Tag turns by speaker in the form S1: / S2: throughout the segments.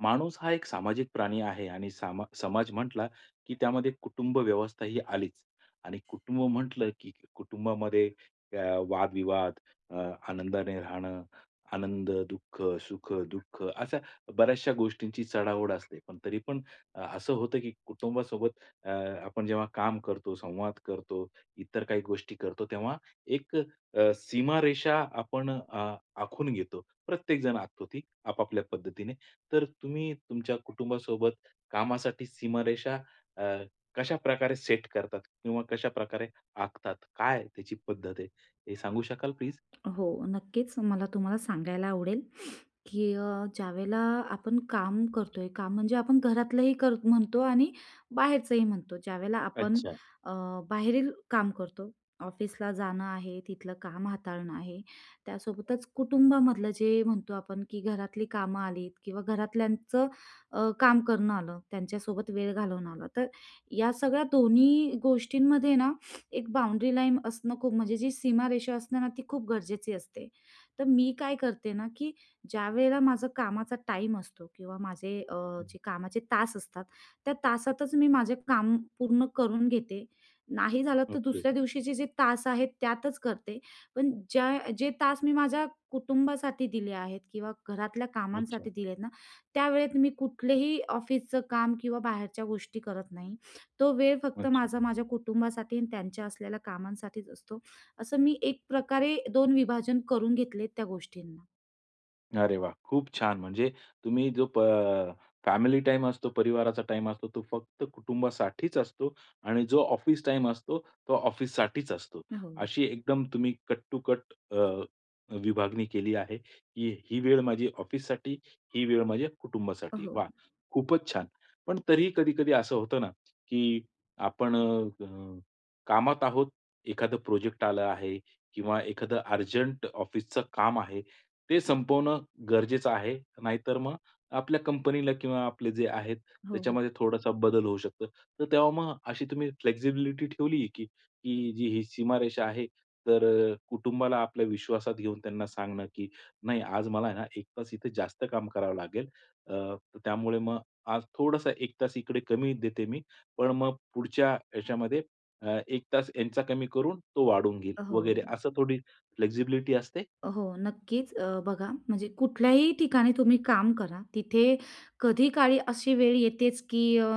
S1: माणूस हा एक सामाजिक प्राणी आहे, आणि सामा समाज म्हटला, की त्यामध्ये कुटुंब व्यवस्था ही आलीच. आणि कुटुंब म्हटलं, की कुटुंबामध्ये अ, वाद-विवाद, अ, आनंदाने राहणं, आनंद, दुःख, सुख-दुःख अशा बऱ्याचशा गोष्टींची चढाओढ असते. पण तरीपण असं होतं की कुटुंबासोबत अ, आपण जेव्हा काम करतो, संवाद करतो, इतर काही गोष्टी करतो तेव्हा एक अ, सीमारेषा आपण अ, आखून घेतो. प्रत्येकजण आखतो ती आपापल्या पद्धतीने. तर तुम्ही तुमच्या कुटुंबासोबत कामासाठी सीमारेषा अ, कशाप्रकारे सेट करतात? किंवा कशाप्रकारे आखतात? काय आहे त्याची पद्धत आहे, हे सांगू शकाल प्लीज?
S2: हो, नक्कीच मला तुम्हाला सांगायला आवडेल, की अ, ज्यावेळेला आपण काम करतो आहे, काम म्हणजे आपण घरातलंही कर म्हणतो आणि बाहेरचंही म्हणतो. ज्यावेळेला आपण
S1: अच्छा.
S2: अ, बाहेरील काम करतो, ऑफिसला जाणं आहे, तिथलं काम हाताळणं आहे. त्यासोबतच कुटुंबामधलं जे म्हणतो आपण की घरातली कामं आलीत किंवा घरातल्यांचं अ, काम करणं आलं, त्यांच्यासोबत वेळ घालवणं आलं, तर या सगळ्या दोन्ही गोष्टींमध्ये ना, एक बाउंड्री लाईन असणं खूप, म्हणजे जी सीमारेषा असते ना, ती खूप गरजेची असते. तर मी काय करते ना, की ज्यावेळेला माझं कामाचा टाईम असतो किंवा माझे अ, जे कामाचे तास असतात, त्या तासातच मी माझे काम पूर्ण करून घेते. नाही झालं तर
S1: ओके.
S2: दुसऱ्या दिवशीचे जे तास आहेत त्यातच करते. पण ज्या जे तास मी माझ्या कुटुंबासाठी दिले आहेत किंवा घरातल्या
S1: अच्छा.
S2: कामांसाठी दिले आहेत ना, त्यावेळेत मी कुठलेही ऑफिसचं काम किंवा बाहेरच्या गोष्टी करत नाही. तो वेळ फक्त
S1: अच्छा.
S2: माझा माझ्या कुटुंबासाठी आणि त्यांच्या असलेल्या कामांसाठीच असतो. असं मी एक प्रकारे, दोन विभाजन करून घेतलेत त्या गोष्टींना.
S1: अरे वाह! खूप छान. म्हणजे तुम्ही जो प अ फॅमिली टाईम असतो, परिवाराचा टाईम असतो, तो फक्त कुटुंबासाठीच असतो. आणि जो ऑफिस टाईम असतो तो ऑफिससाठीच असतो.
S2: अ, हो.
S1: अशी एकदम तुम्ही कट-टू-कट अ, विभागणी केली आहे, की ही वेळ माझी ऑफिससाठी, ही वेळ माझ्या
S2: अ,
S1: कुटुंबासाठी.
S2: हो.
S1: वाह! खूपच छान. पण तरीही, कधी-कधी असं होतं ना, की आपण अ, कामात आहोत, एखादं प्रोजेक्ट आला आहे किंवा एखादं अर्जंट ऑफिसचं काम आहे, ते संपवणं गरजेचं आहे, नाहीतर मग आपल्या कंपनीला किंवा आपले जे आहेत
S2: हो, हो.
S1: त्याच्यामध्ये थोडासा बदल होऊ शकतो. तर तेव्हा मग अशी तुम्ही फ्लेक्सिबिलिटी ठेवली की की जी ही सीमारेषा आहे तर अ, कुटुंबाला आपल्या विश्वासात घेऊन त्यांना सांगणं, की नाही आज मला आहे ना 1 तास इथे जास्त काम करावं लागेल. अ, त्यामुळे मग आज थोडंसं 1 तास इकडे कमी देते मी, पण मग पुढच्या याच्यामध्ये अ, 1 तास यांचा कमी करून तो वाढून घेईल
S2: अ, हो.
S1: वगैरे. असं थोडी फ्लेक्सिबिलिटी असते.
S2: अ, हो नक्कीच. अ, बघा म्हणजे कुठल्याही ठिकाणी तुम्ही काम करा, तिथे कधीकाळी अशी वेळ येतेच, की अ,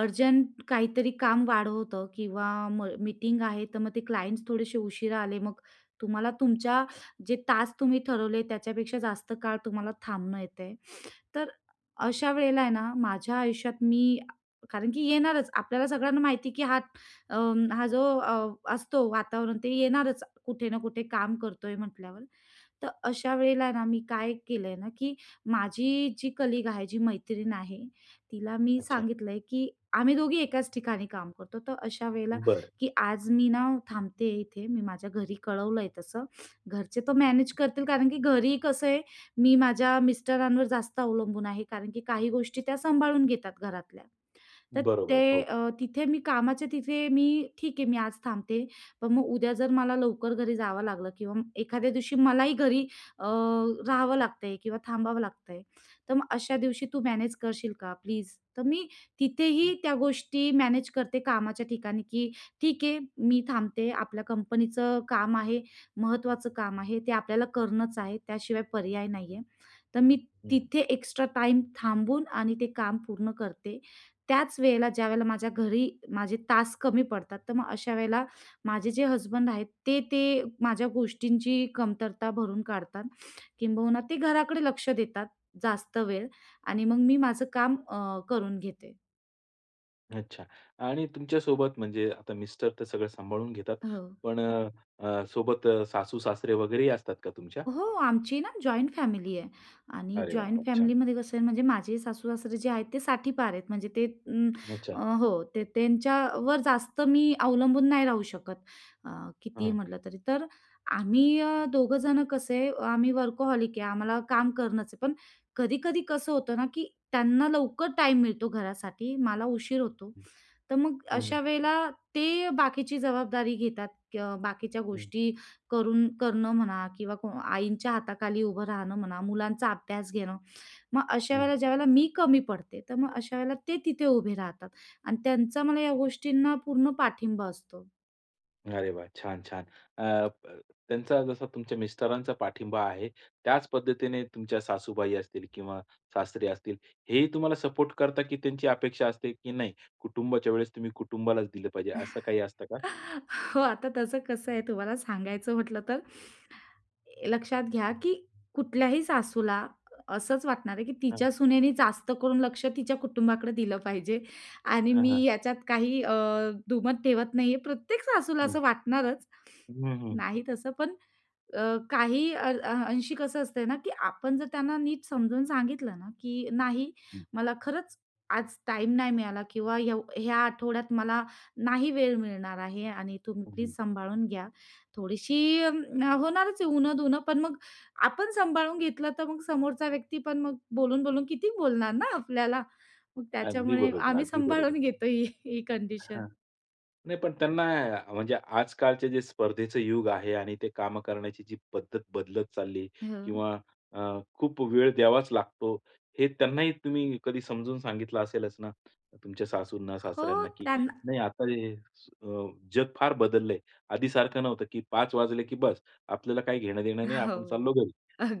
S2: अर्जंट काहीतरी काम वाढवतं किंवा म मीटिंग आहे, तर मग ते क्लाइंट्स थोडेसे उशिरा आले, मग तुम्हाला तुमच्या जे तास तुम्ही ठरवले त्याच्यापेक्षा जास्त काळ तुम्हाला थांबणं येत आहे. तर अशा वेळेला आहे ना, माझ्या आयुष्यात मी कारण की येणारच. आपल्याला सगळ्यांना माहिती, की हा अ, हा जो असतो वातावरण ते येणारच कुठे ना कुठे काम करतो आहे म्हटल्यावर. तर अशा वेळेला ना मी काय केलं आहे ना, की माझी जी कलीग आहे, जी मैत्रीण आहे, तिला मी
S1: अच्छा.
S2: सांगितलं आहे, की आम्ही दोघी एकाच ठिकाणी काम करतो. तर अशा वेळेला,
S1: बरं.
S2: की "आज मी ना थांबते आहे इथे. मी माझ्या घरी कळवलं आहे तसं. घरचे तर मॅनेज करतील, कारण की घरी कसं आहे, मी माझ्या मिस्टरांवर जास्त अवलंबून आहे. कारण की काही गोष्टी त्या सांभाळून घेतात घरातल्या. तर ते
S1: बरोबर, हो.
S2: अ, तिथे मी कामाच्या तिथे मी ठीक आहे, मी आज थांबते. पण मग उद्या जर मला लवकर घरी जावं लागलं किंवा एखाद्या दिवशी मलाही घरी अ, राहावं लागतं आहे किंवा थांबावं लागतं आहे, तर मग अशा दिवशी तू मॅनेज करशील का प्लीज?" तर मी
S1: हं.
S2: तिथेही त्या गोष्टी मॅनेज करते. कामाच्या ठिकाणी, की ठीक आहे, मी थांबते, आपल्या कंपनीचं काम आहे, महत्त्वाचं काम आहे, ते आपल्याला करणंच आहे, त्याशिवाय पर्याय नाही आहे. तर मी
S1: हं, हं.
S2: तिथे एक्स्ट्रा टाईम थांबून आणि ते काम पूर्ण करते. त्याच वेळेला ज्यावेळेला माझ्या घरी माझे तास कमी पडतात, तर मग अशा वेळेला माझे जे हसबंड आहेत, ते ते माझ्या गोष्टींची कमतरता भरून काढतात. किंबहुना ते घराकडे लक्ष देतात जास्त वेळ आणि मग मी माझं काम अ, करून घेते.
S1: अच्छा. आणि तुमच्यासोबत म्हणजे आता मिस्टर तर सगळं सांभाळून घेतात
S2: हो.
S1: पण अ, अ, सोबत अ, सासू-सासरे वगैरे ही असतात का तुमच्या?
S2: हो, आमची ना जॉइंट फॅमिली आहे आणि
S1: अरे, वाह,
S2: जॉइंट
S1: वाह! छान.
S2: फॅमिलीमध्ये कसं आहे, म्हणजे माझे सासू-सासरे जे आहेत, ते 60ठी पार आहेत. म्हणजे ते
S1: अच्छा.
S2: अ, हो. ते त्यांच्यावर जास्त मी अवलंबून नाही राहू शकत, अ, कितीही
S1: हां.
S2: म्हटलं तरी. तर आम्ही अ, दोघंजणं कसे, आम्ही वर्कहॉलिक आहे, आम्हाला काम करणंच आहे. पण कधी-कधी कसं होतं ना, की त्यांना लवकर टाईम मिळतो घरासाठी, मला उशीर होतो.
S1: हं.
S2: तर मग
S1: हं, हं.
S2: अशा वेळेला ते अ, बाकीची जबाबदारी घेतात, क बाकीच्या
S1: हं.
S2: गोष्टी करुनं करणं म्हणा किंवा आईंच्या हाताखाली उभं राहणं म्हणा, मुलांचा अभ्यास घेणं. मग अशा
S1: हं.
S2: वेळेला ज्या वेळेला मी कमी पडते, तर मग अशा वेळेला ते तिथे उभे राहतात आणि त्यांचा मला या गोष्टींना पूर्ण पाठिंबा असतो.
S1: अरे वा! छान, छान. अ, ब, त्यांचा जसा तुमच्या मिस्टरांचा पाठिंबा आहे, त्याच पद्धतीने तुमच्या सासूबाई असतील किंवा सासरे असतील, हेही तुम्हाला सपोर्ट करतात की त्यांची अपेक्षा असते की नाही कुटुंबाच्या वेळेस तुम्ही कुटुंबालाच दिलं पाहिजे, असं काही असतं का?
S2: हो, आता तसं कसं आहे, तुम्हाला सांगायचं म्हटलं तर लक्षात घ्या की कुठल्याही सासूला असंच वाटणार आहे, की
S1: हां.
S2: तिच्या सुनेने जास्त करून लक्ष तिच्या कुटुंबाकडे दिलं पाहिजे आणि
S1: हां,
S2: मी
S1: हां.
S2: याच्यात काही अ, दुमत ठेवत नाही आहे. प्रत्येक सासूला
S1: हं.
S2: असं वाटणारच,
S1: हं, हं.
S2: नाही तसं पण अ, काही अ, अ, अंशी कसं असतंय ना, की आपण जर त्यांना नीट समजून सांगितलं ना, की "नाही,
S1: हं.
S2: मला खरंच आज टाईम नाही मिळाला किंवा येव ह्या आठवड्यात मला नाही वेळ मिळणार आहे आणि तुम्ही
S1: हं,
S2: प्लीज
S1: हं.
S2: सांभाळून घ्या." थोडीशी होणारच आहे उण-दुणं, पण मग आपण सांभाळून घेतलं, तर मग समोरचा व्यक्ती पण मग बोलून-बोलून किती बोलणार ना, आपल्याला? मग
S1: अगदी
S2: त्याच्यामुळे
S1: बरोबर,
S2: आम्ही
S1: अगदी बरोबर.
S2: सांभाळून घेतो ही ही कंडिशन.
S1: हां. नाही, पण त्यांना अ, म्हणजे आजकालचे जे स्पर्धेचं युग आहे आणि ते कामं करण्याची जी पद्धत बदलत चालली
S2: हां.
S1: किंवा अ, खूप वेळ द्यावाच लागतो, हे त्यांनाही तुम्ही कधी समजून सांगितलं असेलच ना? तुमच्या
S2: हो.
S1: सासूंना-सासऱ्यांना की
S2: त्यांना
S1: नाही आता हे अ, जग फार बदललंय, आधीसारखं नव्हतं की 5:00 वाजले की बस, आपल्याला काही घेणं-देणं नाही, आपण चाललो
S2: हो,
S1: घरी,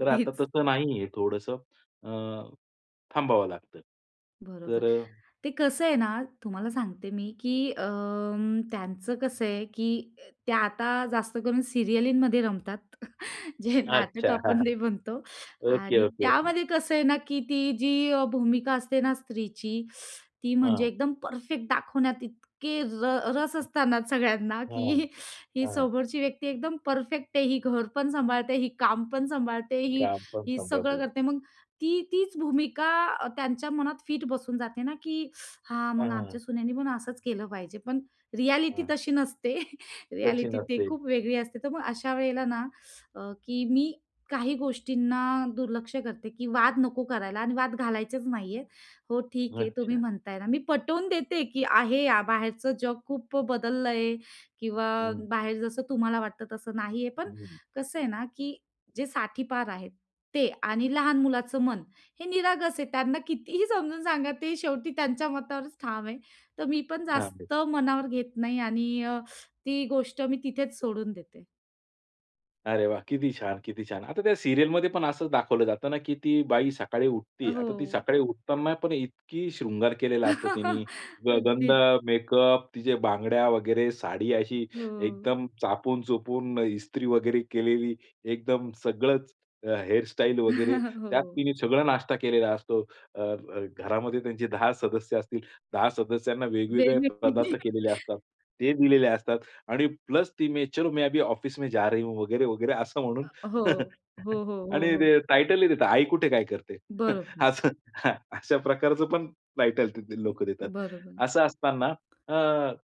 S1: तर आता तसं नाही आहे थोडंसं अ, थांबावं लागतं
S2: बरोबर.
S1: तर अ,
S2: ते कसं आहे ना, तुम्हाला सांगते मी, की अंम, त्यांचं कसं आहे, की अ, त्या आता जास्तकरून सिरीयलीमध्ये रमतात, जे नाटक
S1: अच्छा.
S2: आपण नाही म्हणतो.
S1: ओके,
S2: आणि
S1: ओके, ओके.
S2: त्यामध्ये कसं आहे ना, की ती जी अ, भूमिका असते ना, स्त्रीची, ती म्हणजे
S1: हां.
S2: एकदम परफेक्ट दाखवण्यात इतके र रस असताना सगळ्यांना,
S1: हां,
S2: की ही
S1: हां.
S2: समोरची व्यक्ती एकदम परफेक्ट आहे, ही घर पण सांभाळते, ही काम पण सांभाळते, ही
S1: काम पण
S2: ही सगळं
S1: सांभाळते.
S2: करते. मग ती तीच भूमिका अ, त्यांच्या मनात फिट बसून जाते ना, की "हां,
S1: हां,
S2: मग
S1: हां, हां.
S2: आमच्या सुनेने पण असंच केलं पाहिजे." पण रियालिटी
S1: हां.
S2: तशी नसते,
S1: तशी
S2: रियालिटी ती
S1: नसते.
S2: खूप वेगळी असते. तर मग अशा वेळेला ना, अ, की मी काही गोष्टींना दुर्लक्ष करते, की वाद नको करायला आणि वाद घालायचेच नाहीयेत. हो, ठीक हे, तुम्ही
S1: अच्छा.
S2: म्हणताय ना, मी पटवून देते की आहे अ, बाहेरचं जग खूप बदललं किंवा
S1: हं.
S2: बाहेर जसं तुम्हाला वाटतं, तसं नाहीये. पण,
S1: हं, हं.
S2: कसं आहे ना, की जे 60ठी पार आहेत ते आणि लहान मुलाचं मन हे निरागस आहे. त्यांना कितीही समजून सांगा, ते शेवटी त्यांच्या मतावरच ठाम आहे. तर मी पण
S1: चालेल.
S2: जास्त मनावर घेत नाही आणि अ, ती गोष्ट मी तिथेच सोडून देते.
S1: अरे वाह! किती छान, किती छान. आता त्या सीरियलमध्ये पण असंच दाखवलं जातं ना की ती बाई सकाळी
S2: अ,
S1: उठते. आता ती
S2: हो.
S1: सकाळी उठताना पण इतका शृंगार केलेला असतो तिने. ग गंध,
S2: अगदीच.
S1: मेकअप, तिच्या बांगड्या वगैरे, साडी अशी
S2: हो.
S1: एकदम चापून-चोपून, इस्त्री वगैरे केलेली एकदम सगळंच, अ, हेअर स्टाइल वगैरे. त्यात
S2: हो.
S1: तिने सगळा नाश्ता केलेला असतो. अ, अ, घरामध्ये त्यांचे 10 सदस्य असतील, 10 सदस्यांना वेगवेगळे
S2: वेगवेगळे.
S1: पदार्थ केलेले असतात. ते दिलेले असतात आणि प्लस ती "मैं चलो मैं अभी ऑफिस में जा रही हूँ" वगैरे, वगैरे असं
S2: अ,
S1: म्हणून
S2: हो. हो, हो, हो,
S1: आणि
S2: हो.
S1: ते टायटलही देतात, आई कुठे काय करते?
S2: बरोबर.
S1: असं हां, अशा प्रकारचं पण टायटल तिथे लोकं देतात.
S2: बरोबर.
S1: असं असताना अ,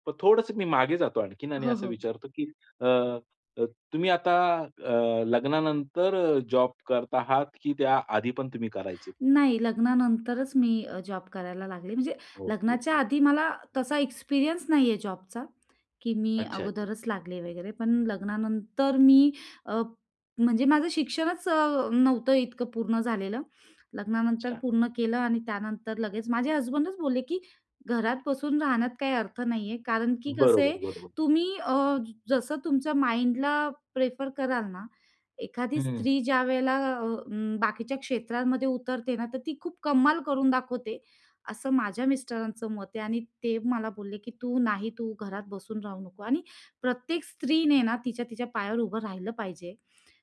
S1: तर थोडंसं मी मागे जातो आणखीन आणि
S2: हो,
S1: असं
S2: हो.
S1: विचारतो की अ, अ, तुम्ही आता अ, लग्नानंतर जॉब करत आहात की त्या आधी पण तुम्ही करायचेत?
S2: नाही, लग्नानंतरच मी अ, जॉब करायला लागले म्हणजे
S1: ओके,
S2: लग्नाच्या
S1: ओके.
S2: आधी मला तसा एक्सपिरियन्स नाही आहे जॉबचा की मी
S1: अच्छा, अच्छा.
S2: अगोदरच लागले वगैरे. पण लग्नानंतर मी अ, म्हणजे माझं शिक्षणच अ, नव्हतं इतकं पूर्ण झालेलं. लग्नानंतर
S1: अच्छा.
S2: पूर्ण केलं आणि त्यानंतर लगेच माझे हसबंडच बोलले की "घरात बसून राहण्यात काही अर्थ नाही आहे, कारण की कसं आहे,
S1: बरोबर, बरोबर.
S2: तुम्ही अ, जसं तुमच्या माइंडला प्रेफर कराल ना, एखादी
S1: हं.
S2: स्त्री ज्यावेळेला अ, अं, बाकीच्या क्षेत्रांमध्ये उतरते ना तर ती खूप कमाल करून दाखवते." असं माझ्या मिस्टरांचं मत आहे. आणि ते मला बोलले की "तू नाही, तू घरात बसून राहू नको आणि प्रत्येक स्त्रीने ना तिच्या तिच्या पायावर उभं राहिलं पाहिजे.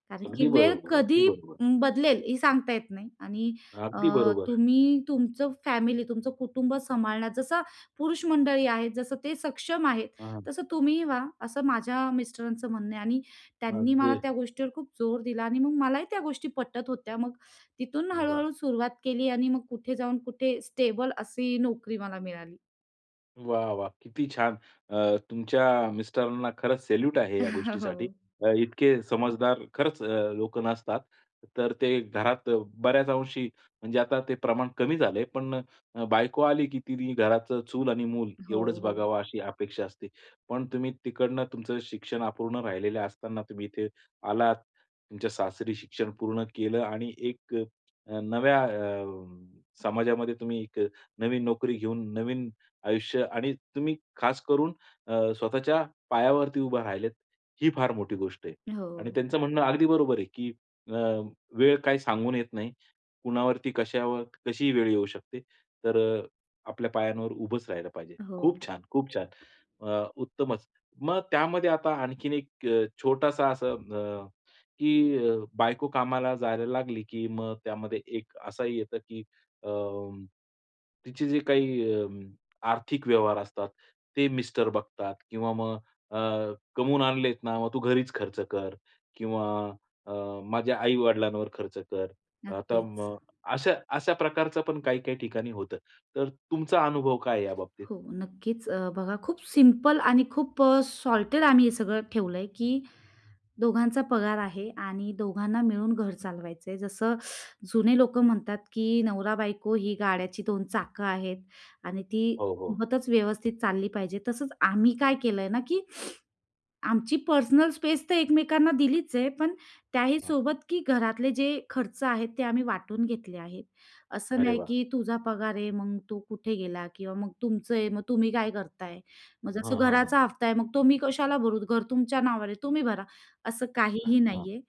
S2: कारण की
S1: अगदी
S2: वेळ
S1: बरोबर, अगदी
S2: कधी
S1: बरोबर.
S2: अं, बदलेल हे सांगता येत नाही आणि अ,
S1: अगदी बरोबर.
S2: तुम्ही, तुमचं फॅमिली, तुमचं कुटुंब सांभाळण्याचं जसं पुरुष मंडळी आहेत, जसं ते सक्षम आहेत,
S1: हां.
S2: तसं तुम्हीही व्हा." असं माझ्या मिस्टरांचं म्हणणं आहे. आणि त्यांनी मला
S1: अगदी.
S2: त्या गोष्टीवर खूप जोर दिला आणि मग मलाही त्या गोष्टी पटत होत्या. मग तिथून
S1: वाह!
S2: हळू-हळू सुरुवात केली आणि मग कुठे जाऊन कुठे स्टेबल अशी नोकरी मला मिळाली.
S1: वाह वाह! किती छान. अ, तुमच्या मिस्टरांना खरंच सॅल्यूट आहे. या
S2: हो.
S1: गोष्टीसाठी इतके समजदार खरंच लोक नसतात तर ते घरात बऱ्याच अंशी म्हणजे आता ते प्रमाण कमी झाले. पण बायको आली, की ती घराचं चूल आणि मूल
S2: हो,
S1: एवढंच
S2: हो.
S1: बघावं अशी अपेक्षा असते, पण तुम्ही तिकडनं तुमचं शिक्षण अपूर्ण राहिलेले असताना तुम्ही इथे आलात, तुमच्या सासरी शिक्षण पूर्ण केलं आणि एक नव्या अ, समाजामध्ये तुम्ही एक नवीन नोकरी घेऊन, नवीन आयुष्य आणि तुम्ही खास करून अ, स्वतःच्या पायावरती उभे राहिलेत ही फार मोठी गोष्ट आहे. आणि
S2: हो.
S1: त्यांचं म्हणणं अगदी बरोबर आहे, की अ, वेळ काही सांगून येत नाही, कुणावरती, कश्यावर, कशीही वेळ येऊ शकते. तर आपल्या पायांवर उभंच राहायला पाहिजे.
S2: हो.
S1: खूप छान, खूप छान अ, उत्तमच. मग त्यामध्ये आता आणखीन एक छोटासा असं अ, की बायको कामाला जायला लागली, की मग त्यामध्ये एक असाही येतं, की अ, तिचे जे काही आर्थिक व्यवहार असतात ते मिस्टर बघतात. किंवा मग अ, कमवून आणलेत ना मग तू घरीच खर्च कर किंवा अ, माझ्या आई-वडिलांवर खर्च कर अ, तर
S2: नक्कीच.
S1: मग अशा, अशा प्रकारचं पण काही, काही ठिकाणी होतं, तर तुमचा अनुभव काय आहे याबाबतीत?
S2: हो नक्कीच अ, बघा खूप सिंपल आणि खूप अ, सॉर्टेड आम्ही हे सगळं ठेवलंय, की दोघांचा पगार आहे आणि दोघांना मिळून घर चालवायचं आहे. जसं जुने लोकं म्हणतात, की नवरा बायको ही गाड्याची 2 चाकं आहेत, आणि ती
S1: हो, हो.
S2: होतच व्यवस्थित चालली पाहिजे. तसंच आम्ही काय केलं आहे ना, की आमची पर्सनल स्पेस तर एकमेकांना दिलीच आहे, पण त्याही
S1: हां
S2: सोबत, की घरातले जे खर्च आहेत ते आम्ही वाटून घेतले आहेत. असं
S1: अरे
S2: नाही,
S1: वाह!
S2: की तुझा पगार आहे. मग तू कुठे गेला किंवा मग तुमचं आहे मग तुम्ही काय करताय? मग
S1: हां,
S2: जसं
S1: हां ,हां.
S2: घराचा हफ्ता आहे मग तो मी कशाला भरू? घर तुमच्या नावावर आहे तुम्ही भरा, असं काहीही
S1: हां,
S2: नाही आहे.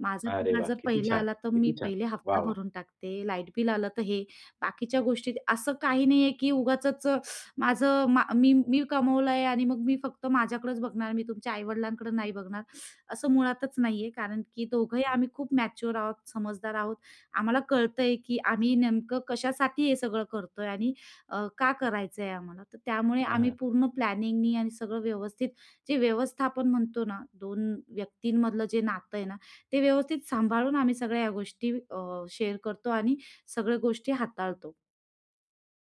S2: माझा
S1: अरे
S2: पगार
S1: वाह!
S2: जर
S1: किती
S2: पहिला
S1: छान,
S2: आला तर मी
S1: किती छान
S2: पहिले
S1: वाह,
S2: हफ्ता
S1: वाह!
S2: भरून टाकते. लाईट बिल आलं तर हे बाकीच्या गोष्टी असं काही नाही आहे, की उगाचच माझं मी, मी कमावलं आहे आणि मग मी फक्त माझ्याकडेच बघणार. मी तुमच्या आई-वडिलांकडं नाही बघणार असं मुळातच नाही आहे. कारण की दोघंही आम्ही खूप मॅच्युअर आहोत, समजदार आहोत, आम्हाला कळतंय, की आम्ही नेमकं कशासाठी हे सगळं करतोय? आणि अ, का करायचं आहे आम्हाला? तर त्यामुळे
S1: हां,
S2: आम्ही
S1: हां.
S2: पूर्ण प्लॅनिंगनी आणि सगळं व्यवस्थित जे व्यवस्थापन म्हणतो ना 2 व्यक्तींमधलं जे नातं आहे ना ते व्यवस्थित सांभाळून आम्ही सगळ्या ह्या गोष्टी अ, शेअर करतो .आणि सगळ्या गोष्टी हाताळतो.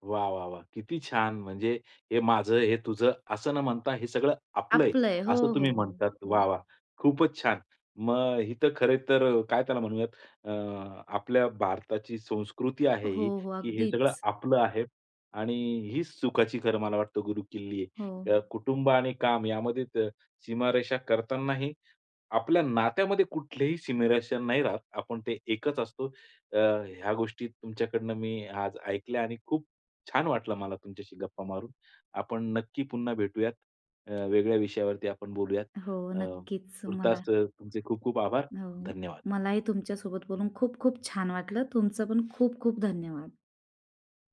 S1: वाह, वाह, वाह! किती छान, म्हणजे हे माझं, हे तुझं असं न म्हणता हे सगळं आपलं आहे.
S2: आपलं आहे, हो,
S1: असं
S2: हो
S1: तुम्ही
S2: हो,
S1: म्हणतात वाह,
S2: हो.
S1: वाह! खूपच छान. मग इथं खरे तर काय त्याला म्हणूयात अ, आपल्या भारताची संस्कृती आहे ही,
S2: हो, हो
S1: की हे सगळं
S2: अगदीच.
S1: आपलं आहे आणि हीच सुखाची खरं मला वाटतं गुरुकिल्ली
S2: हो.
S1: आहे. अ, कुटुंब आणि काम यामध्ये त सीमारेषा करतानाही आपल्या नात्यामध्ये कुठलेही सिमिरेशन नाही राहत. आपण ते एकच असतो अ, ह्या गोष्टी तुमच्याकडनं मी आज ऐकल्या आणि खूप छान वाटलं मला तुमच्याशी गप्पा मारून. आपण नक्की पुन्हा भेटूयात अ, वेगळ्या विषयावरती आपण बोलूयात
S2: हो
S1: अ,
S2: नक्कीच मला.
S1: तूर्तास तुमचे खूप-खूप आभार
S2: हो,
S1: धन्यवाद.
S2: मलाही तुमच्यासोबत बोलून खूप-खूप छान वाटलं. तुमचं पण खूप-खूप धन्यवाद.